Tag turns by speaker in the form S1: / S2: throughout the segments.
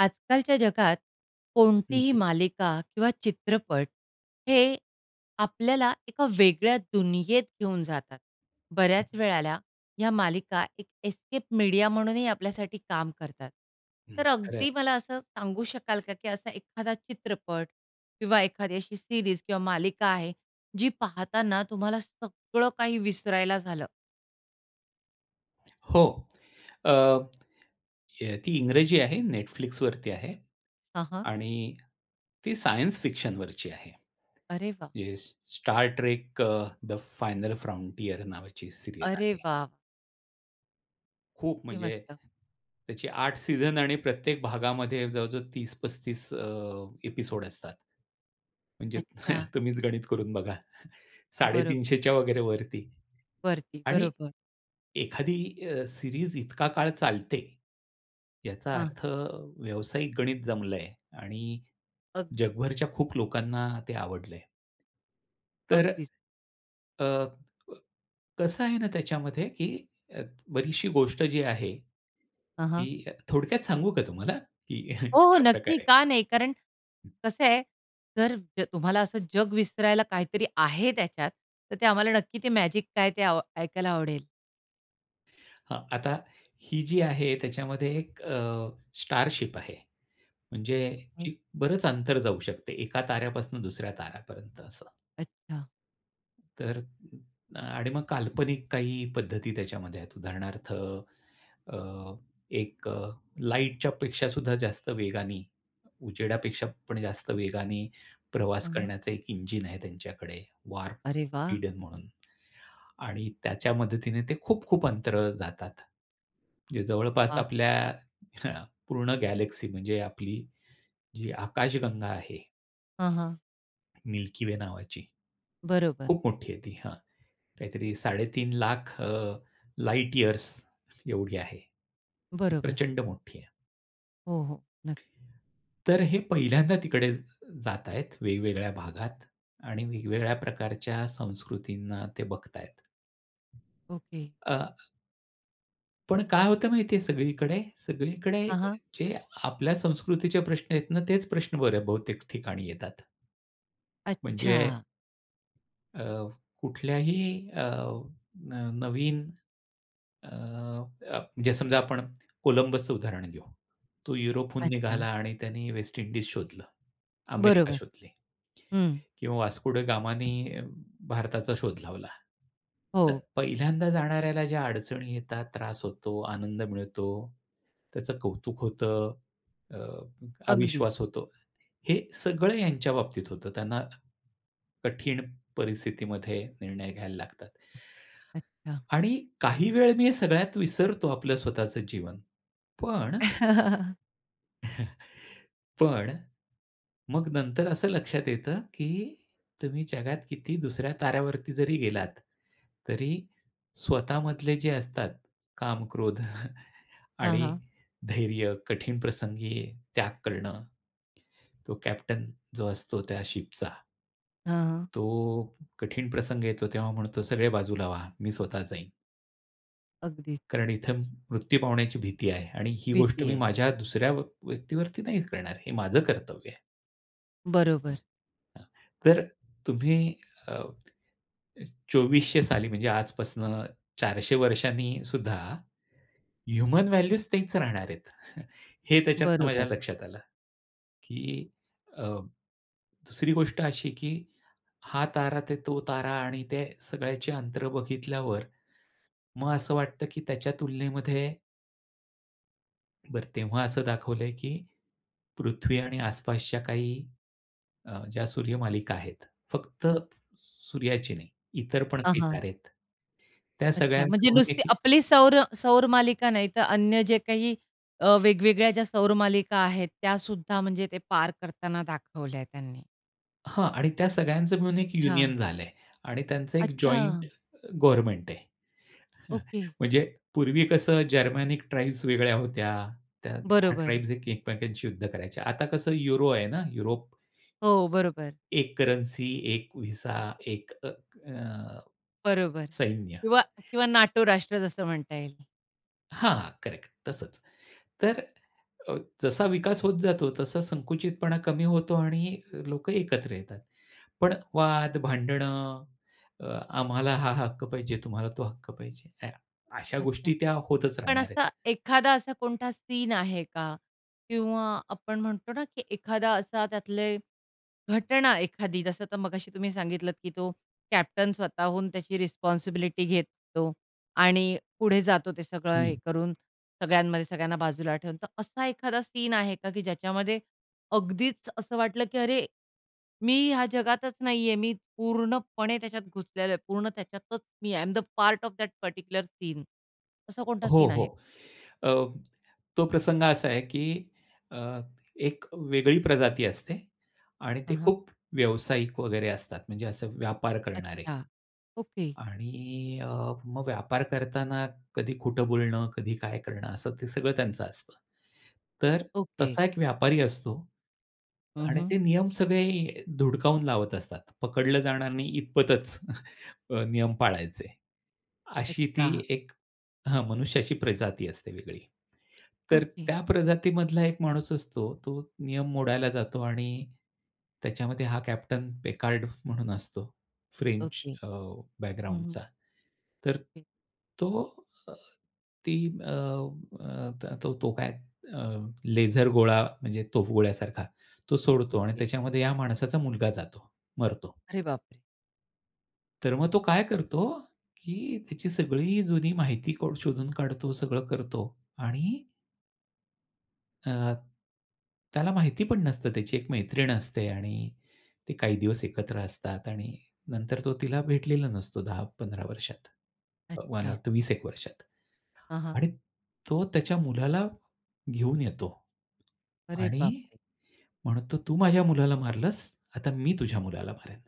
S1: आजकालच्या जगात
S2: हं.
S1: कोणतीही मालिका किंवा चित्रपट हे आपल्याला एका वेगळ्या दुनियेत घेऊन जातात. बऱ्याच वेळेला ह्या मालिका एक एस्केप मीडिया म्हणूनही आपल्यासाठी काम करतात. तर
S2: खरंय.
S1: अगदी मला असं सांगू शकाल का, की असा एखादा चित्रपट किंवा एखादी अशी सीरीज किंवा मालिका आहे, जी पाहताना तुम्हाला सगळं काही विसरायला झालं?
S2: हो. अ, हे ती इंग्रजी आहे. Netflixवरती आहे.
S1: हां, हां.
S2: आणि ती सायन्स फिक्शनवरची आहे.
S1: अरे वाह!
S2: जे Star Trek uh the final frontier नावाची सीरीयल
S1: अरे
S2: आहे.
S1: वाह!
S2: खूप
S1: किती
S2: म्हणजे,
S1: मस्त.
S2: त्याची 8 सीझन आणि प्रत्येक भागामध्ये जवळजवळ 30-35 अ, एपिसोड असतात. म्हणजे,
S1: अच्छा.
S2: तुम्हीच गणित करून बघा.
S1: बरं.
S2: 350च्या वगैरे वरती.
S1: वरती,
S2: आणि
S1: बरोबर.
S2: एखादी अ, सीरीज इतका काळ चालते, याचा
S1: हां.
S2: अर्थ व्यावसायिक गणित जमलंय आणि
S1: अग
S2: जगभरच्या खूप लोकांना ते आवडलंय. तर
S1: अगदीच.
S2: अ, कसं आहे ना, त्याच्यामध्ये, की अ, बरीचशी गोष्ट जी आहे,
S1: हां, हां.
S2: ती थोडक्यात सांगू का तुम्हाला, की
S1: हो, हो.
S2: कशा
S1: नक्की,
S2: प्रकारे?
S1: का नाही? कारण कसं आहे, जर तुम्हाला असं जग विसरायला काहीतरी आहे त्याच्यात, तर ते आम्हाला नक्की, ते मॅजिक काय, ते अ ऐकायला आवडेल.
S2: हं, आता ही जी आहे त्याच्यामध्ये एक अ, स्टारशिप आहे. म्हणजे
S1: होय.
S2: जी बरंच अंतर जाऊ शकते. एका ताऱ्यापासून दुसऱ्या ताऱ्यापर्यंत असं.
S1: अच्छा.
S2: तर आणि मग काल्पनिक काही पद्धती त्याच्यामध्ये आहेत. उदाहरणार्थ अ, एक अ, लाईटच्या पेक्षा सुद्धा जास्त वेगाने, उजेडापेक्षा पण जास्त वेगाने प्रवास
S1: हं, हं.
S2: करण्याचा एक इंजिन आहे त्यांच्याकडे वार्प
S1: अरे वाह!
S2: स्पीडन म्हणून. आणि त्याच्या मदतीने ते खूप-खूप अंतराळात जातात. जे जवळपास ह्यां
S1: वाह!
S2: आपल्या पूर्ण गॅलेक्सी म्हणजे आपली जी आकाशगंगा आहे.
S1: हां, हां.
S2: मिल्की वे नावाची
S1: बरोबर.
S2: खूप मोठी आहे ती हां. काहीतरी 3.5 लाख अ, लाईट इयर्स एवढी आहे. जी
S1: बरोबर.
S2: प्रचंड मोठी आहे.
S1: हो, हो. नक्क
S2: तर हे पहिल्यांदा तिकडे जात आहेत. वेगवेगळ्या भागात आणि वेगवेगळ्या प्रकारच्या संस्कृतींना ते बघतायेत.
S1: ओके.
S2: अ पण काय होतं माहिती आहे सगळीकडे. सगळीकडे
S1: हां, हां.
S2: जे आपल्या संस्कृतीचे प्रश्न आहेत ना तेच प्रश्न बरं बहुतेक ठिकाणी येतात. म्हणजे.
S1: अच्छा!
S2: अ, कुठल्याही अ, न नवीन अ, प म्हणजे समजा आपण कोलंबसचं उदाहरण घेऊ. तो युरोपहून निघाला
S1: अच्छा!
S2: आणि त्याने वेस्ट इंडीज शोधलं, अमेरिका
S1: बरोबर.
S2: शोधली.
S1: हं.
S2: किंवा वास्को द गामा ने भारताचा शोध लावला. तर
S1: हो.
S2: पहिल्यांदा जाणाऱ्याला ज्या अडचणी येतात, त्रास होतो, आनंद मिळतो, त्याचं कौतुक होतं, अ,
S1: अगदीच.
S2: अविश्वास होतो. हे सगळं त्यांच्या बाबतीत होतं त्यांना, कठीण परिस्थितीमध्ये निर्णय घ्यायला लागतात.
S1: अच्छा!
S2: आणि काही वेळ मी हे सगळ्यात विसरतो आपलं स्वतःच जीवन, पण पण मग नंतर असं लक्षात येतं की तुम्ही जगात किती दुसऱ्या ताऱ्यावरती जरी गेलात तरी स्वतःमधले जे असतात काम, क्रोध
S1: हां,
S2: आणि
S1: हां.
S2: धैर्य, कठीण प्रसंगी त्याग करणं, तो कॅप्टन जो असतो त्या शिपचा.
S1: हं, हं.
S2: तो कठीण प्रसंग येतो तेव्हा म्हणतो, "सगळे बाजूला व्हा, मी स्वतः जाईन."
S1: अगदीच.
S2: कारण इथं म मृत्यू पावण्याची भीती आहे आणि ही गोष्ट
S1: भीती
S2: मी
S1: आहे.
S2: माझ्या दुसऱ्या व व्यक्तीवरती नाही करणार. हे माझं कर्तव्य आहे.
S1: बरोबर.
S2: हां. तर तुम्ही अ, 2400 साली म्हणजे आजपासून 400 वर्षांनीसुद्धा, ह्युमन व्हॅल्यूज तेच राहणार आहे. हे त्याच्यातनं माझ्या
S1: बरोबर.
S2: लक्षात आलं, की अ, 2री गोष्ट अशी की हा तारा, तो तारा आणि त्या सगळ्याचे अंतर बघितल्यावर. मग असं वाटतं की त्याच्या तुलनेमध्ये बरं तेव्हा असं दाखवलं आहे की पृथ्वी आणि आस-पासच्या काही अ, ज्या सूर्यमालिका आहेत. फक्त
S1: हं.
S2: सूर्याची नाही, इतर पण
S1: हां,
S2: काही
S1: हां
S2: तारे आहेत. त्या
S1: अच्छा
S2: सगळ्यांचं
S1: म्हणजे
S2: म्हणून
S1: नुसती
S2: देखील
S1: आपली सौर सौर मालिका नाही तर, अन्य जे काही अ, वेगवेगळ्या ज्या सौर मालिका आहेत, त्यासुद्धा म्हणजे ते पार करताना दाखवल्या त्यांनी.
S2: हां. आणि त्या सगळ्यांच मिळून एक
S1: अच्छा.
S2: युनियन झालं आहे. आणि त्यांचं एक
S1: अच्छा!
S2: जॉइंट गव्हर्नमेंट आहे.
S1: ओके.
S2: म्हणजे पूर्वी कसं जर्मनीक ट्राईब्स वेगळ्या होत्या, त्या 10
S1: बरोबर.
S2: ट्राइब्स एकमेकांशी युद्ध करायचे. आता कसं युरो आहे ना, युरोप.
S1: हो. बरोबर.
S2: 1 करन्सी, 1 विसा 1 अ,
S1: बरोबर
S2: सैन्य.
S1: किंवा किंवा NATO राष्ट्र जसं म्हणता येईल.
S2: हां, करेक्ट तसंच. तर अ, जसा विकास होत जातो तसा संकुचितपणा कमी होतो आणि लोकं एकत्र येतात. पण वाद, भांडणं अ, आम्हाला हा हक्क पाहिजे. तुम्हाला तो हक्क पाहिजे. या अशा
S1: अच्छा,
S2: गोष्टी त्या होतच
S1: पण
S2: राहणार आहेत.
S1: असा एखादा असा कोणता सीन आहे का? किंवा आपण म्हणतो ना, की एखादा असा त्यातले घटना एखादी जसं तर मगाशी तुम्ही सांगितलंत, की तो कॅप्टन स्वतःहून त्याची रिस्पॉन्सिबिलिटी घेतो आणि पुढे जातो ते सगळं
S2: हं.
S1: हे करून सगळ्यांमध्ये, सगळ्यांना बाजूला ठेवून. तर असा एखादा सीन आहे का, की ज्याच्यामध्ये अगदीच असं वाटलं, की अरे, मी ह्या जगातच नाहीये. मी पूर्णपणे त्याच्यात घुसलेलो आहे. पूर्ण त्याच्यातच मी I I am the part of that particular scene. असा कोणता
S2: हो,
S1: सीन
S2: हो.
S1: आहे?
S2: अ, तो प्रसंग असा आहे, की अ, एक वेगळी प्रजाती असते आणि ते
S1: हां, हां.
S2: खूप व्यावसायिक वगैरे असतात. म्हणजे असं व्यापार करणारे.
S1: अच्छा, ओके.
S2: आणि अ, मग व्यापार करताना कधी खोटं बोलणं, कधी काय करणं असं ते सगळं त्यांचं असतं. तर
S1: ओके.
S2: तसा एक व्यापारी असतो.
S1: हं,
S2: आणि
S1: हं.
S2: ते नियम सगळे धुडकावून लावत असतात. पकडलं जाणार नाही इतपतच अ, नियम पाळायचे, अशी ती
S1: अच्छा.
S2: एक हं मनुष्याची प्रजाती असते वेगळी. तर
S1: ओके.
S2: त्या प्रजातीमधला एक माणूस असतो. तो नियम मोडायला जातो आणि त्याच्यामध्ये हा कॅप्टन पेकार्ड म्हणून असतो, फ्रेंच
S1: ओके.
S2: अ,
S1: हं, हं.
S2: बॅकग्राऊंडचा. तर
S1: ओके.
S2: तो अ, ती अ, तो काय अ, लेझर गोळा म्हणजे तोफगोळ्यासारखा तो सोडतो आणि
S1: ओके.
S2: त्याच्यामध्ये या माणसाचा मुलगा जातो. मरतो.
S1: अरे बापरे!
S2: तर मग तो काय करतो, की त्याची सगळी जुनी माहिती को शोधून काढतो सगळं करतो आणि अ, त्याला माहिती पण नसतं त्याची एक मैत्रीण असते आणि ती काही दिवस एकत्र असतात आणि नंतर तो तिला भेटलेला नसतो 10-15 वर्षात. अ, मला
S1: अच्छा.
S2: वाटतं 20 एक वर्षात
S1: हां, हां.
S2: आणि तो त्याच्या मुलाला घेऊन येतो
S1: अरे
S2: आणि
S1: बापरे!
S2: म्हणतो, "तू माझ्या मुलाला मारलंस? आता मी तुझ्या मुलाला मारेल."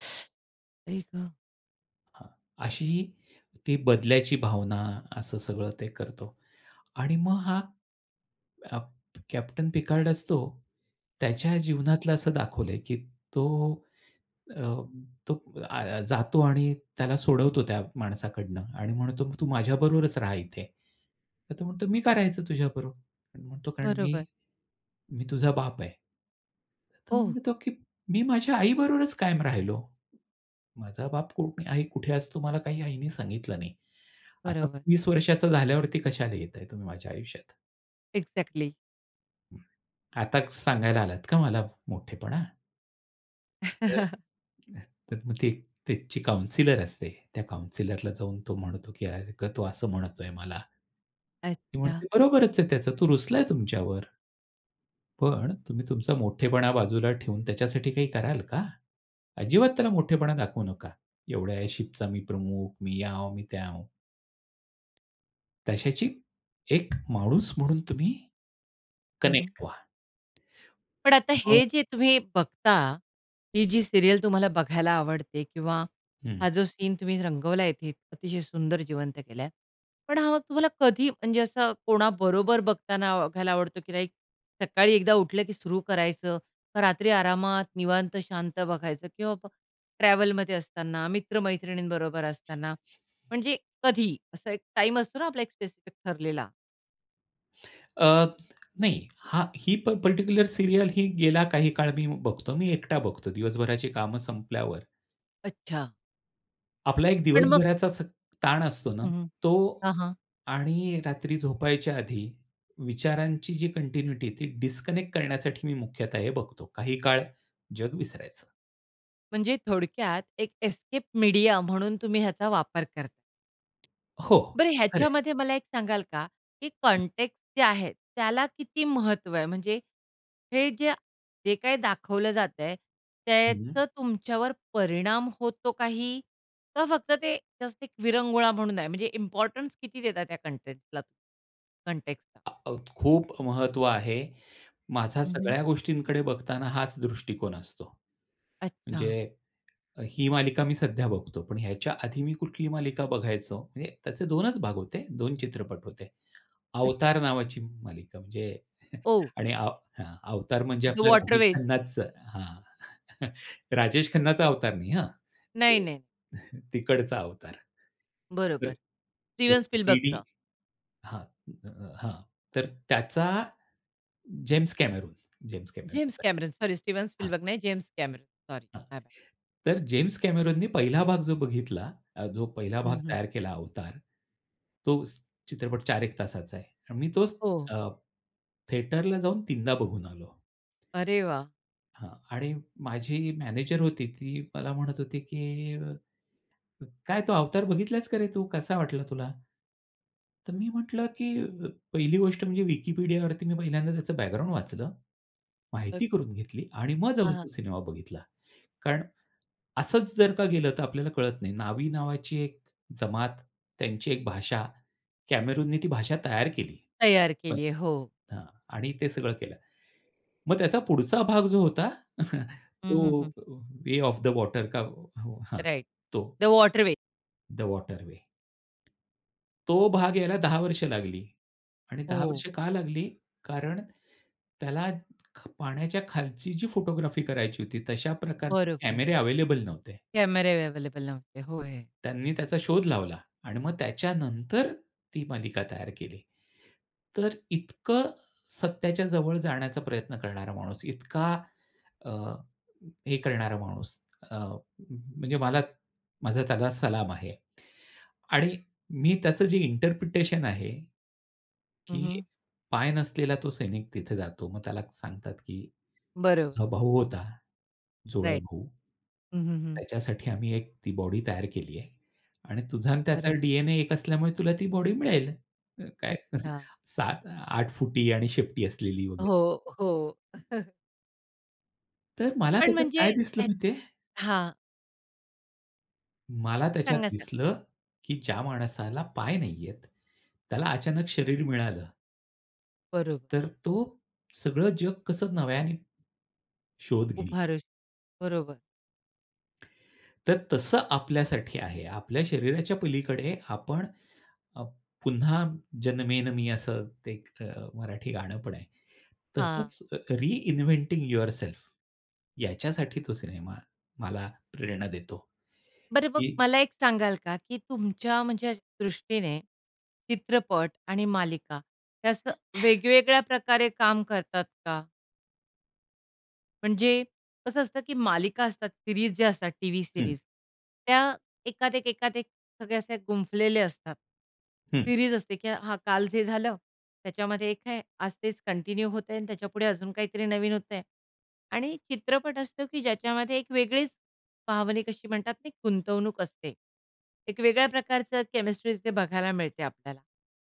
S1: आई गं!
S2: हां, अशी ती बदल्याची भावना असं सगळं ते करतो आणि मग हा, अ, प कॅप्टन पिकार्ड असतो, त्याच्या
S1: हां.
S2: जीवनातलं असं दाखवलंय, की तो अ, तो अ, जातो आणि त्याला सोडवतो त्या माणसाकडनं आणि म्हणतो, "तू माझ्या बरोबरच राहा इथे." तर तो म्हणतो, "मी का राहायचं तुझ्या बरोबर?" अन् म्हणतो कारण मी
S1: बरोबर.
S2: मी तुझा बाप आहे." तो
S1: ओह!
S2: म्हणतो, की "मी माझ्या आई बरोबरच कायम राहिलो. माझा बाप कोन? आई कुठे असतो मला काही आईने सांगितलं नाही. आता
S1: बरोबर.
S2: 20 वर्षाचा झाल्यावरती कशाला येताय तुम्ही माझ्या आयुष्यात?"
S1: एक्झॅक्टली.
S2: आता सांगायला आलात का मला मोठेपणा? तर तर मग ती त्यांची काउन्सिलर असते. त्या काउन्सिलरला जाऊन तो म्हणतो, की अगं तो असं म्हणतोय मला. ती म्हणते,
S1: अच्छा.
S2: "बरोबरच आहे त्याचं, तो रुसलाय तुमच्यावर." पण तुम्ही तुमचा मोठेपणा बाजूला ठेवून त्याच्यासाठी काही कराल का? अजिबात त्याला मोठेपणा दाखवू नका. एवढ्या या शिपचा मी प्रमुख मी यांव मी त्यांव. त्याच्याशी एक माणूस म्हणून तुम्ही
S1: हं, हं.
S2: कनेक्ट व्हा.
S1: पण आता
S2: मग
S1: हे जे तुम्ही बघता. ही जी सीरियल तुम्हाला बघायला आवडते किंवा
S2: हं.
S1: हा जो सीन तुम्ही रंगवलाय इथे. अतिशय सुंदर जिवंत केलाय. पण हा मग तुम्हाला कधी म्हणजे असं कोणाबरोबर बघताना व बघायला आवडतो, की लाइक सकाळी एकदा उठलं की सुरू करायचं, का रात्री आरामात निवांत शांत बघायचं किंवा मग ट्रॅव्हलमध्ये असताना, मित्र-मैत्रिणींबरोबर असताना म्हणजे कधी? असा एक टाईम असतो ना आपला, एक स्पेसिफिक ठरलेला.
S2: अ, नाही. हा, ही प पार्टिक्युलर सीरियल ही गेला काही काळ मी बघतो. मी एकटा बघतो, दिवसभराची कामं संपल्यावर.
S1: अच्छा.
S2: आपला एक
S1: पण मग?
S2: दिवसभराचा असा ताण असतो ना
S1: हं, हं.
S2: तो
S1: हां, हां.
S2: आणि रात्री झोपायच्या आधी विचारांची जी कंटिन्यूटी ती डिस्कनेक्ट करण्यासाठी मी मुख्यतः हे बघतो. काही काळ जग विसरायचं.
S1: म्हणजे थोडक्यात एक एस्केप मीडिया म्हणून तुम्ही ह्याचा वापर करताय.
S2: हो,
S1: बरं
S2: खरंय.
S1: ह्याच्यामध्ये मला एक सांगाल का? की
S2: हं.
S1: कन्टेक्सट जे आहे. त्याला किती महत्व आहे? म्हणजे हे जे, जे काही दाखवलं जातंय,
S2: हं.
S1: त्याचं तुमच्यावर परिणाम होतो काही? का फक्त ते जस्ट एक विरंगुळा म्हणून आहे? म्हणजे इम्पोर्टन्स किती देता त्या कन्टेक्सटला कन्टेक्सटला?
S2: आ, अ, खूप महत्व आहे. माझा
S1: हं, हं.
S2: सगळ्या गोष्टींकडे बघताना हाच दृष्टिकोन असतो.
S1: अच्छा.
S2: म्हणजे ही मालिका मी सध्या बघतो. पण ह्याच्या आधी मी कुठली मालिका बघायचो म्हणजे त्याचे 2 च भाग होते 2 चित्रपट होते.
S1: अच्छा.
S2: अवतार नावाची मालिका म्हणजे
S1: ओह!
S2: आणि अ, हं, अवतार म्हणजे
S1: ज्यू
S2: आपल्या राजेश
S1: वॉटरवेज?
S2: खन्नाचा हां. राजेश खन्नाचा अवतार नाही हं.
S1: नाही,
S2: हं.
S1: नाही.
S2: तिकडचा अवतार. तर
S1: बरोबर
S2: हो
S1: स्टीव्हन स्पीलबर्गचं?
S2: थ्रीडी हां, त हां, तर त्याचा जेम्स कॅमेरून, जेम्स
S1: जेम्स
S2: कॅमेरूनच आहे.
S1: कॅमेरून सॉरी स्टीव्हन
S2: हां.
S1: स्पीलबर्ग नाही जेम्स कॅमेरुन सॉरी
S2: हां,
S1: माय
S2: तर जेम्स कॅमेरुननी 1ला भाग जो बघितला जो 1ला भाग
S1: हं, हं.
S2: तयार केला अवतार, तो चित्रपट चार एक तासाचा आहे. आणि मी तोच
S1: हो.
S2: अ, थिएटरला जाऊन 3दा बघून आलो.
S1: अरे वाह!
S2: हां, आणि माझी मॅनेजर होती ती मला म्हणत होती की अ, "क काय तो अवतार बघितलास का रे तू? कसा वाटला तुला?" तर मी म्हटलं की अ, 1ली गोष्ट म्हणजे विकिपीडियावरती मी पहिल्यांदा त्याचं बॅकग्राऊंड वाचलं.
S1: [unintelligible]
S2: माहिती करून घेतली आणि मग
S1: हां,
S2: जाऊन तो
S1: हां.
S2: सिनेमा बघितला. कारण असंच जर का गेलं तर आपल्याला कळत नाही. नावी नावाची एक जमात त्यांची एक भाषा कॅमेरूने ती भाषा तयार केली.
S1: तयार
S2: हं,
S1: केली आहे. हो.
S2: अ, आणि ते सगळं केलं. मग त्याचा पुढचा भाग जो होता
S1: हं, हं,
S2: तो
S1: हं.
S2: वे ऑफ द वॉटर का हो हां,
S1: राइट.
S2: तो.
S1: The water way.
S2: The water way तो भाग याला 10 वर्ष लागली आणि 10 वर्ष
S1: हो.
S2: का लागली? कारण त्याला ख पाण्याच्या खालची जी फोटोग्राफी करायची होती तशा प्रकारचे
S1: बरोबर.
S2: कॅमेरे अवेलेबल नव्हते.
S1: कॅमेरे अवेलेबल नव्हते, होय.
S2: त्यांनी त्याचा शोध लावला आणि मग त्याच्यानंतर ती मालिका तयार केली. तर इतकं सत्याच्या जवळ जाण्याचा प्रयत्न करणारा माणूस, इतका अ, हे करणारा माणूस अ, म्हणजे मला माझा त्याला सलाम आहे आणि मी त्याचं जे इंटरप्रिटेशन आहे,
S1: हं,
S2: की
S1: हं.
S2: पाय नसलेला तो सैनिक तिथे जातो मग त्याला सांगतात, की
S1: बरो
S2: "तुझा भाऊ होता, जुळा
S1: राइट.
S2: भाऊ,
S1: हं, हं, हं.
S2: त्याच्यासाठी आम्ही एक ती बॉडी तयार केली आहे आणि तुझा अन् त्याचा
S1: बरं.
S2: डी-एन-ए एक असल्यामुळे तुला ती बॉडी मिळेल." अ, काय
S1: अच्छा.
S2: 7-8 फुटी आणि शेपटी असलेली वगैरे.
S1: हो, हो.
S2: हं. तर मला
S1: पण
S2: त्याच्यात
S1: म्हणजे
S2: काय दिसलं
S1: ह्या
S2: माहिती आहे?
S1: हां.
S2: मला त्याच्यात
S1: सांगा, साग
S2: दिसलं, की ज्या माणसाला पाय नाही आहेत, त्याला अचानक शरीर मिळालं.
S1: बरोबर.
S2: तर तो सगळं जग कसं नव्याने शोध घेईल.
S1: उभारेल, बरोबर.
S2: तर तसं आपल्यासाठी आहे. आपल्या शरीराच्या पलीकडे आपण अप "पुन्हा जन्मेन मी" असं ते एक अ, मराठी गाणं पण आहे.
S1: हां.
S2: तसंच रिइन्व्हेंटिंग यूवरसेल्फ, याच्यासाठी तो सिनेमा मला प्रेरणा देतो.
S1: बरं मग
S2: की
S1: मला एक सांगाल का, की तुमच्या म्हणजे दृष्टीने चित्रपट आणि मालिका हे असं वेगवेगळ्या प्रकारे काम करतात का? म्हणजे कसं असतं की मालिका असतात, सीरीज ज्या असतात टीव्ही
S2: हं.
S1: सीरीज त्या एकात एक, एकात एक सगळे असे गुंफलेले असतात.
S2: हं.
S1: सीरीज असते, की हां काल जे झालं त्याच्यामध्ये एक आहे. आज तेच कंटिन्यू होतंय आणि त्याच्यापुढे अजून काहीतरी नवीन होतंय. आणि चित्रपट असतो, की ज्याच्यामध्ये एक वेगळीच भावनिक अशी म्हणतात ती गुंतवणूक असते. एक वेगळ्या प्रकारचं केमिस्ट्री तिथे बघायला मिळते आपल्याला.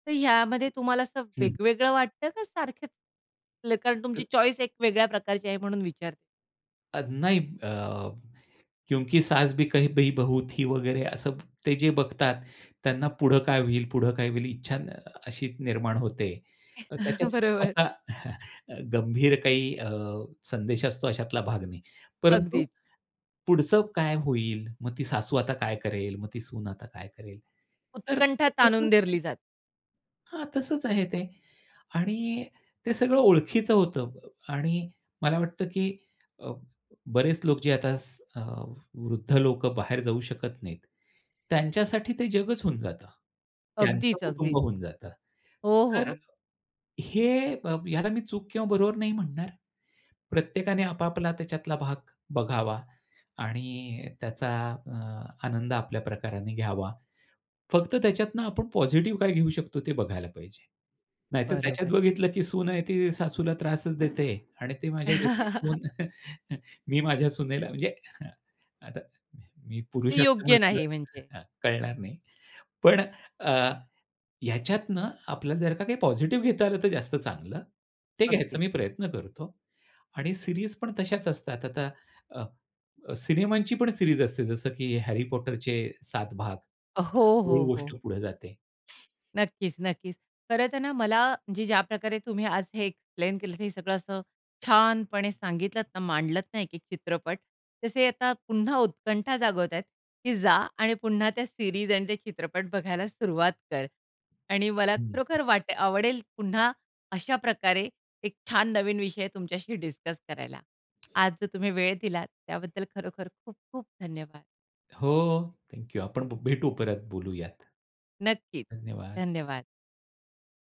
S1: तर यामध्ये तुम्हाला असं
S2: हं.
S1: वेगवेगळं वाटतं का सारखंच? [unintelligible] कारण तुमची चॉईस एक वेगळ्या प्रकारची आहे म्हणून विचारते.
S2: अद नाही अ, नाही. 'क्योंकि सास भी कही पे बहू थी' वगैरे असं ते जे बघतात, त्यांना पुढे काय होईल, पुढे काय होईल इच्छा अ, अशी निर्माण होते. त्याच्यात खूप
S1: बरोबर.
S2: असा गंभीर काही अ, संदेश असतो अशातला भाग नाही. परंतु
S1: अगदीच.
S2: पुढचं काय होईल? मग ती सासू आता काय करेल? मग ती सून आता काय करेल? तर ते
S1: उत्कंठा
S2: तसंच
S1: ताणून
S2: आहे.
S1: धरली जाते.
S2: हां. तसंच आहे ते. आणि ते सगळं ओळखीचं होतं अ, आणि मला वाटतं की अ, बरेच अ, लोक जे आता स अ, वृद्ध लोक बाहेर जाऊ शकत नाहीत. त्यांच्यासाठी ते जगच होऊन जातं. त्यांचं
S1: अगदीच,
S2: कुटुंब
S1: अगदीच.
S2: होऊन जातं.
S1: हो, हो.
S2: तर
S1: अग
S2: हे अ, ह्याला मी चूक किंवा बरोबर नाही म्हणणार. प्रत्येकाने आपापला आता त्याच्यातला भाग बघावा, आणि त्याचा अ, आनंद आपल्या प्रकाराने घ्यावा. फक्त त्याच्यातनं आपण पॉझिटिव्ह काय घेऊ शकतो? ते बघायला पाहिजे. नाहीतर
S1: बरोबर
S2: त्याच्यात
S1: आहे.
S2: बघितलं की सून आहे ती सासूला त्रासच देते. आणि ते माझ्या डोक्यात ठेवून मी माझ्या सुनेला म्हणजे अ, आता मी मी पुरुष
S1: ते योग्य
S2: असल्यामुळे मला
S1: नाही म्हणजे?
S2: हं, कळणार नाही. पण अ, ह्याच्यातनं आपल्याला जर का काही पॉझिटिव्ह घेता आलं तर जास्त चांगलं. ते घ्यायचा
S1: अगदीच.
S2: मी प्रयत्न करतो. आणि सीरीज पण तशाच असतात आता अ, सिनेमांची पण सीरीज असते जसं की Harry Potterचे 7 भाग.
S1: अ, हो,
S2: मूळ
S1: हो,
S2: गोष्ट
S1: हो.
S2: पुढे जाते.
S1: नक्कीच-नक्कीच. खरं तर ना मला म्हणजे ज्या प्रकारे तुम्ही आज हे एक्सप्लेन केलं हे सगळं असं छानपणे सांगितलत ना, मांडलत ना एक-एक चित्रपट. तसे आता पुन्हा उत्कंठा जागवत आहेत की जा आणि पुन्हा त्या सीरीज आणि ते चित्रपट बघायला सुरुवात कर. आणि मला
S2: हं.
S1: खरोखर वाटे आवडेल पुन्हा अशा प्रकारे एक छान नवीन विषय तुमच्याशी डिस्कस करायला. आज जो तुम्ही वेळ दिलात त्याबद्दल खरोखर खूप खूप धन्यवाद.
S2: हो, हो. Thank you. आपण भेटू परत बोलूयात.
S1: नक्कीच.
S2: धन्यवाद!
S1: धन्यवाद.